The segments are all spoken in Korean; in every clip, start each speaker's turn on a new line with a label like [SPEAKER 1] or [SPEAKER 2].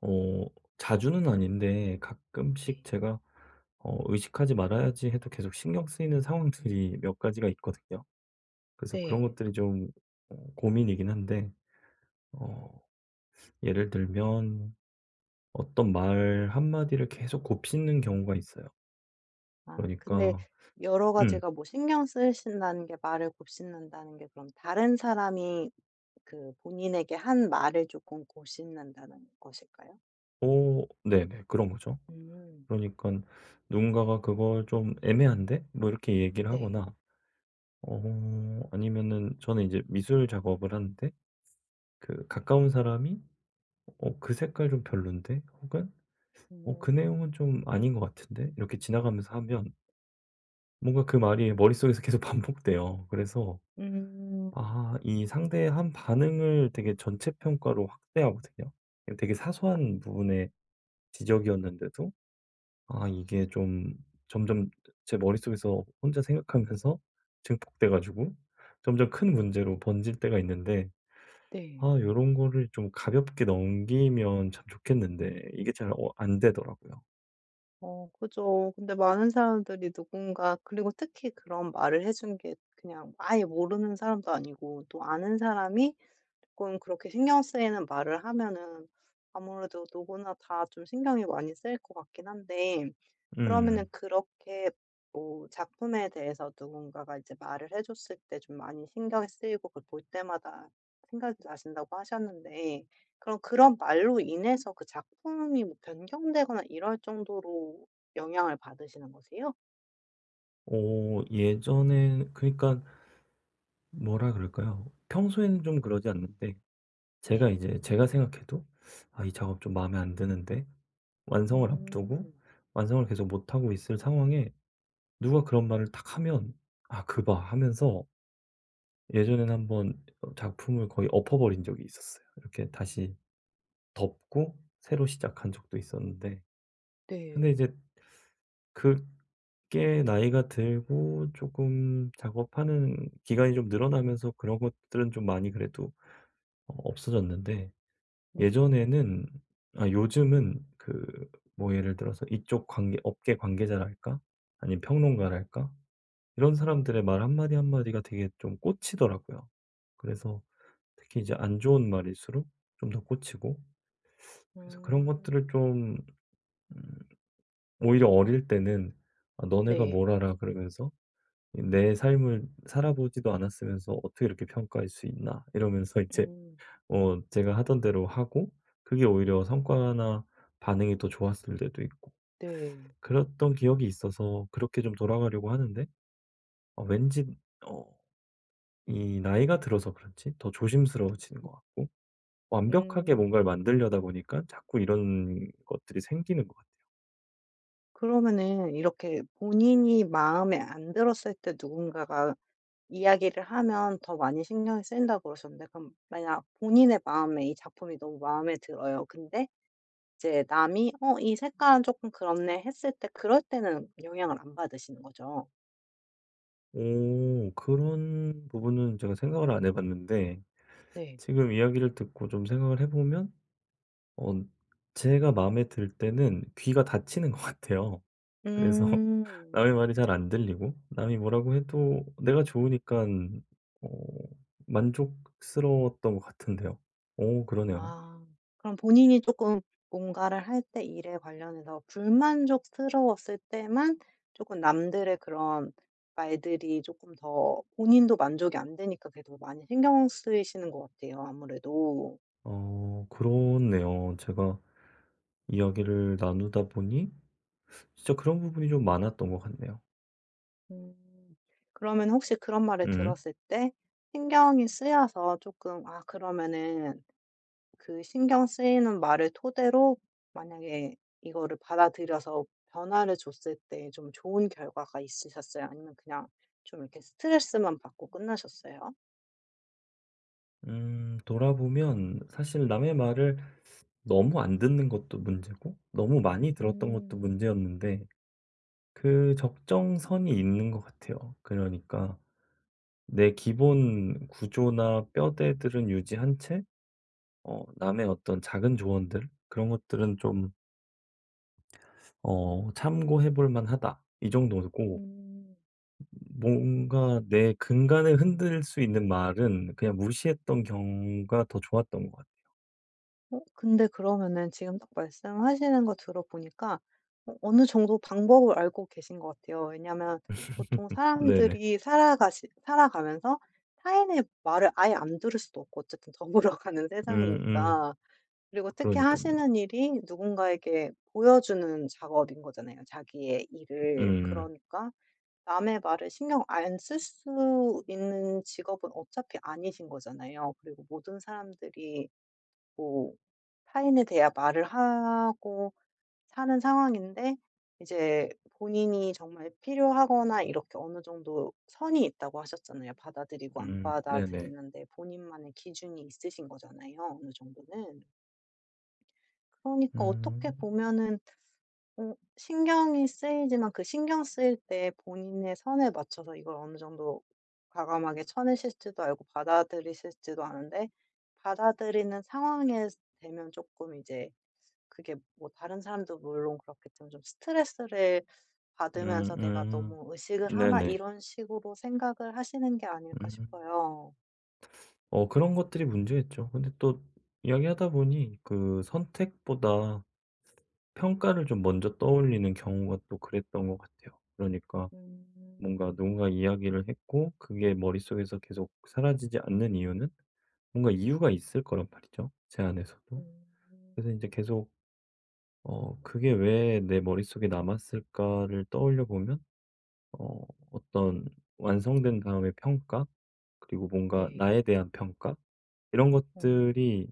[SPEAKER 1] 어. 자주는 아닌데 가끔씩
[SPEAKER 2] 네.
[SPEAKER 1] 제가 어 '의식하지 말아야지.' 해도 계속 신경 쓰이는 상황들이 몇 가지가 있거든요. 그래서 그런
[SPEAKER 2] 네.
[SPEAKER 1] 것들이 좀 어 고민이긴 한데 어 예를 들면 어떤 말 한마디를 계속 곱씹는 경우가 있어요.
[SPEAKER 2] 아. 근데
[SPEAKER 1] 그러니까
[SPEAKER 2] 여러
[SPEAKER 1] 음.
[SPEAKER 2] 가지가 뭐 신경 쓰이신다는 게 말을 곱씹는다는 게 그럼 다른 사람이 그 본인에게 한 말을 쪼끔 곱씹는다는 것일까요?
[SPEAKER 1] 어 네네. 그런 거죠.
[SPEAKER 2] 음.
[SPEAKER 1] 그러니까 누군가가 그걸 '좀 애매한데?' 뭐 이렇게 얘기를
[SPEAKER 2] 네.
[SPEAKER 1] 하거나 어 아니면은 저는 이제 미술 작업을 하는데 그 가까운 사람이 '어 그 색깔 좀 별론데?' 혹은 '어 그
[SPEAKER 2] 음.
[SPEAKER 1] 내용은 좀 아닌 것 같은데?' 이렇게 지나가면서 하면 뭔가 그 말이 머릿속에서 계속 반복돼요. 그래서
[SPEAKER 2] 음.
[SPEAKER 1] 아 이 상대의 한 반응을 되게 전체 평가로 확대하거든요. 되게 사소한
[SPEAKER 2] 아.
[SPEAKER 1] 부분의 지적이었는데도 아 이게 좀 점점 제 머릿속에서 혼자 생각하면서 증폭돼 가지고 점점 큰 문제로 번질 때가 있는데 아
[SPEAKER 2] 네.
[SPEAKER 1] 요런 거를 좀 가볍게 넘기면 참 좋겠는데 이게 잘 어 안 되더라고요.
[SPEAKER 2] 어 그죠. 근데 많은 사람들이 누군가 그리고 특히 그런 말을 해 준 게 그냥 아예 모르는 사람도 아니고 또 아는 사람이 쪼끔 그렇게 신경 쓰이는 말을 하면은 아무래도 누구나 다 좀 신경이 많이 쓰일 것 같긴 한데. 그러면은
[SPEAKER 1] 음.
[SPEAKER 2] 그렇게 뭐 작품에 대해서 누군가가 이제 말을 해 줬을 때 좀 많이 신경이 쓰이고 그걸 볼 때마다 생각이 나신다고 하셨는데. 그럼 그런 말로 인해서 그 작품이 뭐 변경되거나 이럴 정도로 영향을 받으시는 거세요?
[SPEAKER 1] 어 예전엔 그러니까 뭐라 그럴까요? 평소에는 좀 그러지 않는데 제가
[SPEAKER 2] 네.
[SPEAKER 1] 이제 제가 생각해도 '아 이 작업 좀 마음에 안 드는데.' 완성을 앞두고
[SPEAKER 2] 음.
[SPEAKER 1] 완성을 계속 못 하고 있을 상황에 누가 그런 말을 탁하면 '아 그 봐.' 하면서 예전에는 한번 작품을 거의 엎어버린 적이 있었어요. 이렇게
[SPEAKER 2] 음.
[SPEAKER 1] 다시 덮고 새로 시작한 적도 있었는데.
[SPEAKER 2] 네.
[SPEAKER 1] 근데 이제 그게 나이가 들고 쪼끔 작업하는 기간이 좀 늘어나면서 그런 것들은 좀 많이 그래도 어 없어졌는데.
[SPEAKER 2] 네.
[SPEAKER 1] 예전에는 아 요즘은 그 뭐 예를 들어서 이쪽 관계 업계 관계자랄까? 아니면 평론가랄까? 이런 사람들의
[SPEAKER 2] 음.
[SPEAKER 1] 말 한마디 한마디가 되게 좀 꽂히더라고요. 그래서 특히 이제 안 좋은 말일수록 좀 더 꽂히고. 그래서 그런 것들을
[SPEAKER 2] 음.
[SPEAKER 1] 좀 음 오히려 어릴 때는 아 '너네가
[SPEAKER 2] 네.
[SPEAKER 1] 뭘 알아?' 그러면서 이 '내 삶을 살아 보지도 않았으면서 어떻게 이렇게 평가할 수 있나.' 이러면서 이제
[SPEAKER 2] 음.
[SPEAKER 1] 어 제가 하던 대로 하고 그게 오히려 성과나 반응이 더 좋았을 때도 있고.
[SPEAKER 2] 네.
[SPEAKER 1] 그랬던 기억이 있어서 그렇게 좀 돌아가려고 하는데 어 왠지 어 이 나이가 들어서 그런지 더 조심스러워지는 것 같고 완벽하게 뭔가를
[SPEAKER 2] 음.
[SPEAKER 1] 만드려다 보니깐 자꾸 이런 것들이 생기는 것 같아요.
[SPEAKER 2] 그러면은 이렇게 본인이 마음에 안 들었을 때 누군가가 이야기를 하면 더 많이 신경이 쓰인다 그러셨는데 그럼 만약 본인의 마음에 이 작품이 너무 마음에 들어요. 근데 이제 남이 "어 이 색깔은 조금 그렇네." 했을 때 그럴 때는 영향을 안 받으시는 거죠?
[SPEAKER 1] 오. 그런 부분은 제가 생각을 안 해 봤는데
[SPEAKER 2] 네.
[SPEAKER 1] 지금 이야기를 듣고 좀 생각을 해 보면 언 제가 마음에 들 때는 귀가 닫히는 것 같아요. 그래서
[SPEAKER 2] 음.
[SPEAKER 1] 남의 말이 잘 안 들리고 남이 뭐라고 해도 내가 좋으니깐 어 만족스러웠던 것 같은데요. 어 그러네요.
[SPEAKER 2] 아. 그럼 본인이 조금 뭔가를 할 때 일에 관련해서 불만족스러웠을 때만 조금 남들의 그런 말들이 조금 더 본인도 만족이 안 되니까 그래도 많이 신경 쓰이시는 것 같아요 아무래도.
[SPEAKER 1] 어 그렇네요. 제가 이야기를 나누다 보니 진짜 그런 부분이 좀 많았던 것 같네요.
[SPEAKER 2] 음 그러면 혹시 그런 말을
[SPEAKER 1] 음.
[SPEAKER 2] 들었을 때 신경이 쓰여서 조금 아 그러면은 그 신경 쓰이는 말을 토대로 만약에 이거를 받아들여서 변화를 줬을 때 좀 좋은 결과가 있으셨어요? 아니면 그냥 좀 이렇게 스트레스만 받고 끝나셨어요?
[SPEAKER 1] 음 돌아보면 사실 남의 말을 너무 안 듣는 것도 문제고 너무 많이 들었던 것도
[SPEAKER 2] 음.
[SPEAKER 1] 문제였는데 그 적정선이 있는 것 같아요. 그러니까 내 기본 구조나 뼈대들은 유지한 채 어 남의 어떤 작은 조언들 그런 것들은 좀 어 '참고해 볼 만하다.' 이 정도고
[SPEAKER 2] 음.
[SPEAKER 1] 뭔가 내 근간을 흔들 수 있는 말은 그냥 무시했던 경우가 더 좋았던 것 같아요.
[SPEAKER 2] 어 근데 그러면은 지금 딱 말씀하시는 거 들어 보니까 어 어느 정도 방법을 알고 계신 것 같아요. 왜냐하면 보통
[SPEAKER 1] 네네.
[SPEAKER 2] 사람들이 살아가시 살아가면서 타인의 말을 아예 안 들을 수도 없고 어쨌든 더불어 가는
[SPEAKER 1] 음음.
[SPEAKER 2] 세상이니까. 그리고 특히
[SPEAKER 1] 그러니깐요.
[SPEAKER 2] 하시는 일이 누군가에게 보여 주는 작업인 거잖아요 자기의 일을.
[SPEAKER 1] 음.
[SPEAKER 2] 그러니까 남의 말을 신경 안 쓸 수 있는 직업은 어차피 아니신 거잖아요. 그리고 모든 사람들이 뭐 타인에 대한 말을 하고 사는 상황인데 이제 본인이 정말 필요하거나 이렇게 어느 정도 선이 있다고 하셨잖아요. 받아들이고 안
[SPEAKER 1] 음 네네.
[SPEAKER 2] 받아들이는데 본인만의 기준이 있으신 거잖아요 어느 정도는. 그러니까 어떻게
[SPEAKER 1] 음.
[SPEAKER 2] 보면은 어 신경이 쓰이지만 그 신경 쓰일 때 본인의 선에 맞춰서 이걸 어느 정도 과감하게 쳐내실 줄도 알고 받아들이실 줄도 아는데 받아들이는 상황에 되면 조금 이제 그게 뭐 다른 사람도 물론 그렇겠지만 좀 스트레스를 받으면서 '내가
[SPEAKER 1] 음음.
[SPEAKER 2] 너무 의식을 하나?'
[SPEAKER 1] 네네.
[SPEAKER 2] 이런 식으로 생각을 하시는 게 아닐까
[SPEAKER 1] 음.
[SPEAKER 2] 싶어요.
[SPEAKER 1] 어 그런 것들이 문제겠죠. 근데 또 이야기하다 보니 그 선택보다 평가를 좀 먼저 떠올리는 경우가 또 그랬던 것 같아요. 그러니까 뭔가
[SPEAKER 2] 음.
[SPEAKER 1] 누군가 이야기를 했고 그게 머릿속에서 계속 사라지지 않는 이유는 뭔가 이유가 있을 거란 말이죠 제 안에서도. 그래서 인제
[SPEAKER 2] 음.
[SPEAKER 1] 계속 '어 그게 왜 내 머릿속에 남았을까?'를 떠올려 보면 어 어떤 완성된 다음의 평가 그리고 뭔가
[SPEAKER 2] 네.
[SPEAKER 1] 나에 대한 평가 이런
[SPEAKER 2] 음.
[SPEAKER 1] 것들이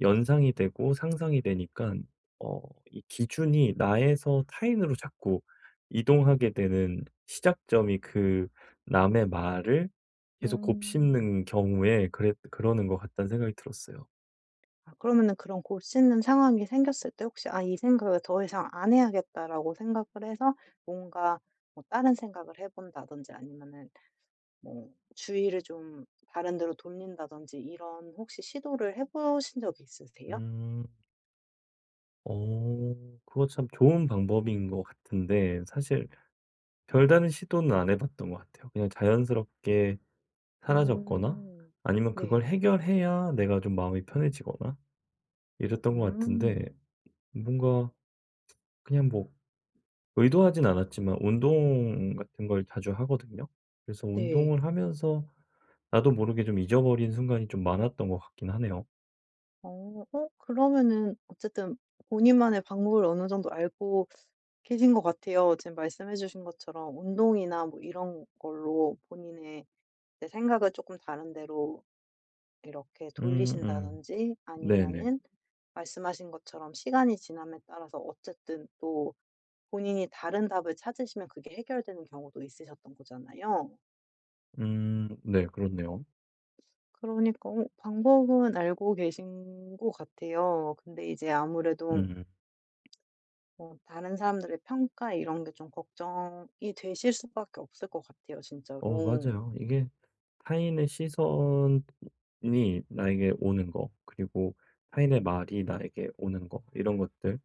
[SPEAKER 1] 연상이 되고 상상이 되니깐 어 이 기준이 나에서 타인으로 자꾸 이동하게 되는 시작점이 그 '남의 말을 계속
[SPEAKER 2] 음.
[SPEAKER 1] 곱씹는 경우에 그래 그러는 것 같다.'는 생각이 들었어요.
[SPEAKER 2] 아 그러면은 그런 곱씹는 상황이 생겼을 때 혹시 '아 이 생각을 더 이상 안 해야겠다.'라고 생각을 해서 뭔가 뭐 다른 생각을 해 본다든지 아니면은 뭐 주의를 좀 다른 데로 돌린다든지 이런 혹시 시도를 해 보신 적이 있으세요?
[SPEAKER 1] 음. 어 그거 참 좋은 방법인 것 같은데 사실 별다른 시도는 안 해 봤던 거 같아요. 그냥 자연스럽게 사라졌거나
[SPEAKER 2] 음
[SPEAKER 1] 아니면 그걸
[SPEAKER 2] 네.
[SPEAKER 1] 해결해야 내가 좀 마음이 편해지거나 이랬던 것 같은데
[SPEAKER 2] 음.
[SPEAKER 1] 뭔가 그냥 뭐 의도하진 않았지만 운동 같은 걸 자주 하거든요. 그래서
[SPEAKER 2] 네.
[SPEAKER 1] 운동을 하면서 나도 모르게 좀 잊어버린 순간이 좀 많았던 것 같긴 하네요.
[SPEAKER 2] 어 어 그러면은 어쨌든 본인만의 방법을 어느 정도 알고 계신 것 같아요. 지금 말씀해 주신 것처럼 운동이나 뭐 이런 걸로 본인의 이제 생각을 쪼끔 다른 데로 이렇게
[SPEAKER 1] 음. 음.
[SPEAKER 2] 돌리신다든지
[SPEAKER 1] 네네.
[SPEAKER 2] 아니면은 말씀하신 것처럼 시간이 지남에 따라서 어쨌든 또 본인이 다른 답을 찾으시면 그게 해결되는 경우도 있으셨던 거잖아요.
[SPEAKER 1] 음. 네. 그렇네요.
[SPEAKER 2] 그러니까 어 방법은 알고 계신 것 같아요. 근데 이제 아무래도
[SPEAKER 1] 음.
[SPEAKER 2] 뭐 다른 사람들의 평가 이런 게 좀 걱정이 되실 수밖에 없을 것 같아요
[SPEAKER 1] 어
[SPEAKER 2] 진짜로.
[SPEAKER 1] 맞아요. 이게 타인의 시선이 나에게 오는 거 그리고 타인의 말이 나에게 오는 거 이런 것들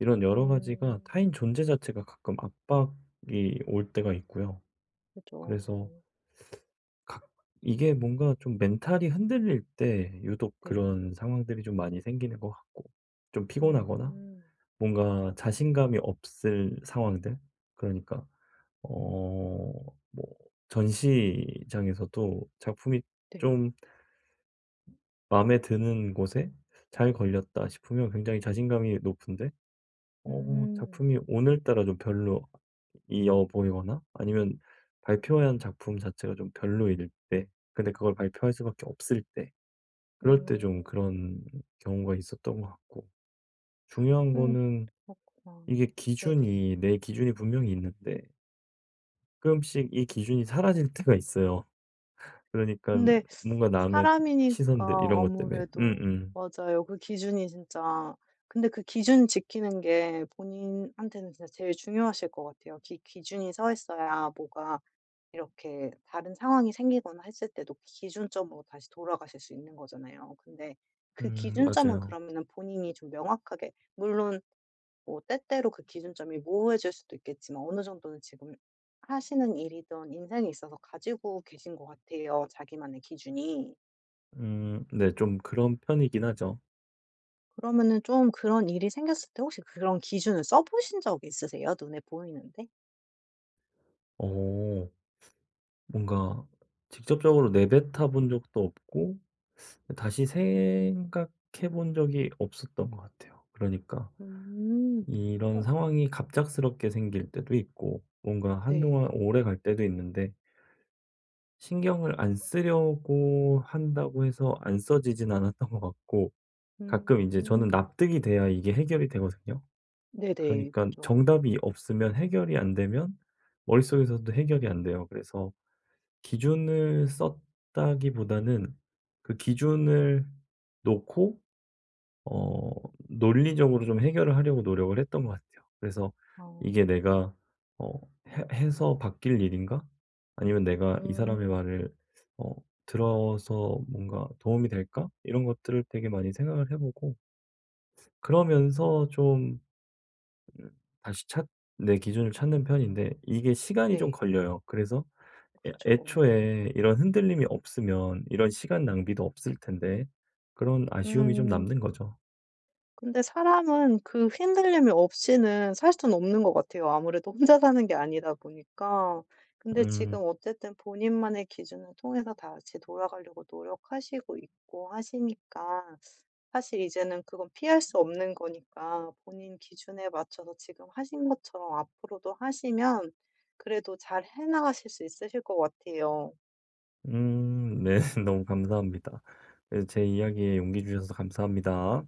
[SPEAKER 1] 이런 여러 가지가
[SPEAKER 2] 음.
[SPEAKER 1] 타인 존재 자체가 가끔 압박이 올 때가 있고요.
[SPEAKER 2] 그죠.
[SPEAKER 1] 그래서 가 이게 뭔가 좀 멘탈이 흔들릴 때 유독
[SPEAKER 2] 네.
[SPEAKER 1] 그런 상황들이 좀 많이 생기는 것 같고 좀 피곤하거나
[SPEAKER 2] 음.
[SPEAKER 1] 뭔가 자신감이 없을 상황들 그러니까 어 뭐 전시장에서도 작품이
[SPEAKER 2] 네.
[SPEAKER 1] 좀 '마음에 드는 곳에 잘 걸렸다.' 싶으면 굉장히 자신감이 높은데 어
[SPEAKER 2] 음.
[SPEAKER 1] 작품이 오늘따라 좀 별로이어 보이거나 아니면 발표한 작품 자체가 좀 별로일 때 근데 그걸 발표할 수밖에 없을 때 그럴 때
[SPEAKER 2] 음.
[SPEAKER 1] 좀 그런 경우가 있었던 것 같고. 중요한
[SPEAKER 2] 어.
[SPEAKER 1] 거는
[SPEAKER 2] 그렇구나.
[SPEAKER 1] 이게
[SPEAKER 2] 네네.
[SPEAKER 1] 기준이 내 기준이 분명히 있는데 가끔씩 이 기준이 사라질 때가 있어요. 그러니깐
[SPEAKER 2] 근데
[SPEAKER 1] 뭔가 남의 이
[SPEAKER 2] 사람이니까
[SPEAKER 1] 시선들 이런 것 땜에.
[SPEAKER 2] 아무래도
[SPEAKER 1] 음음.
[SPEAKER 2] 맞아요. 그 기준이 진짜 근데 그 기준 지키는 게 본인한테는 진짜 제일 중요하실 것 같아요. 기 기준이 서 있어야 뭐가 이렇게 다른 상황이 생기거나 했을 때도 기준점으로 다시 돌아가실 수 있는 거잖아요. 근데 그
[SPEAKER 1] 음
[SPEAKER 2] 기준점은
[SPEAKER 1] 맞아요.
[SPEAKER 2] 그러면은 본인이 좀 명확하게 물론 뭐 때때로 그 기준점이 모호해질 수도 있겠지만 어느 정도는 지금 하시는 일이든 인생에 있어서 가지고 계신 것 같아요. 자기만의 기준이.
[SPEAKER 1] 음 네 좀 그런 편이긴 하죠.
[SPEAKER 2] 그러면은 좀 그런 일이 생겼을 때 혹시 그런 기준을 써 보신 적이 있으세요? 눈에 보이는 데?
[SPEAKER 1] 어. 뭔가 직접적으로 내뱉어 본 적도 없고 다시 생각해 본 적이 없었던 것 같아요. 그러니까
[SPEAKER 2] 음
[SPEAKER 1] 이런
[SPEAKER 2] 어.
[SPEAKER 1] 상황이 갑작스럽게 생길 때도 있고 뭔가 한동안
[SPEAKER 2] 네.
[SPEAKER 1] 오래 갈 때도 있는데 신경을 안 쓰려고 한다고 해서 안 써지진 않았던 것 같고 가끔 인제 저는
[SPEAKER 2] 음.
[SPEAKER 1] 납득이 돼야 이게 해결이 되거든요.
[SPEAKER 2] 네네.
[SPEAKER 1] 그러니깐
[SPEAKER 2] 그죠.
[SPEAKER 1] 정답이 없으면 해결이 안 되면 머릿속에서도 해결이 안 돼요. 그래서 기준을 썼다기보다는 그 기준을 놓고 어 논리적으로 좀 해결을 하려고 노력을 했던 것 같아요. 그래서
[SPEAKER 2] 어.
[SPEAKER 1] '이게 내가 어 해 해서 바뀔 일인가?' 아니면 '내가 이 사람의
[SPEAKER 2] 음.
[SPEAKER 1] 말을 어 들어서 뭔가 도움이 될까?' 이런 것들을 되게 많이 생각을 해 보고. 그러면서 좀 으 다시 찾 내 기준을 찾는 편인데 이게 시간이 좀
[SPEAKER 2] 네.
[SPEAKER 1] 걸려요. 그래서 '애
[SPEAKER 2] 그죠.
[SPEAKER 1] 애초에 이런 흔들림이 없으면 이런 시간 낭비도 없을 텐데.' 그런 아쉬움이 좀
[SPEAKER 2] 음.
[SPEAKER 1] 남는 거죠.
[SPEAKER 2] 근데 사람은 그 흔들림이 없이는 살 순 없는 것 같아요. 아무래도 혼자 사는 게 아니다 보니까. 근데 지금
[SPEAKER 1] 음.
[SPEAKER 2] 어쨌든 본인만의 기준을 통해서 다시 돌아가려고 노력하시고 있고 하시니까 사실 이제는 그건 피할 수 없는 거니까 본인 기준에 맞춰서 지금 하신 것처럼 앞으로도 하시면 그래도 잘해 나가실 수 있으실 것 같아요.
[SPEAKER 1] 음 네. 너무 감사합니다. 예 제 이야기에 용기 주셔서 감사합니다.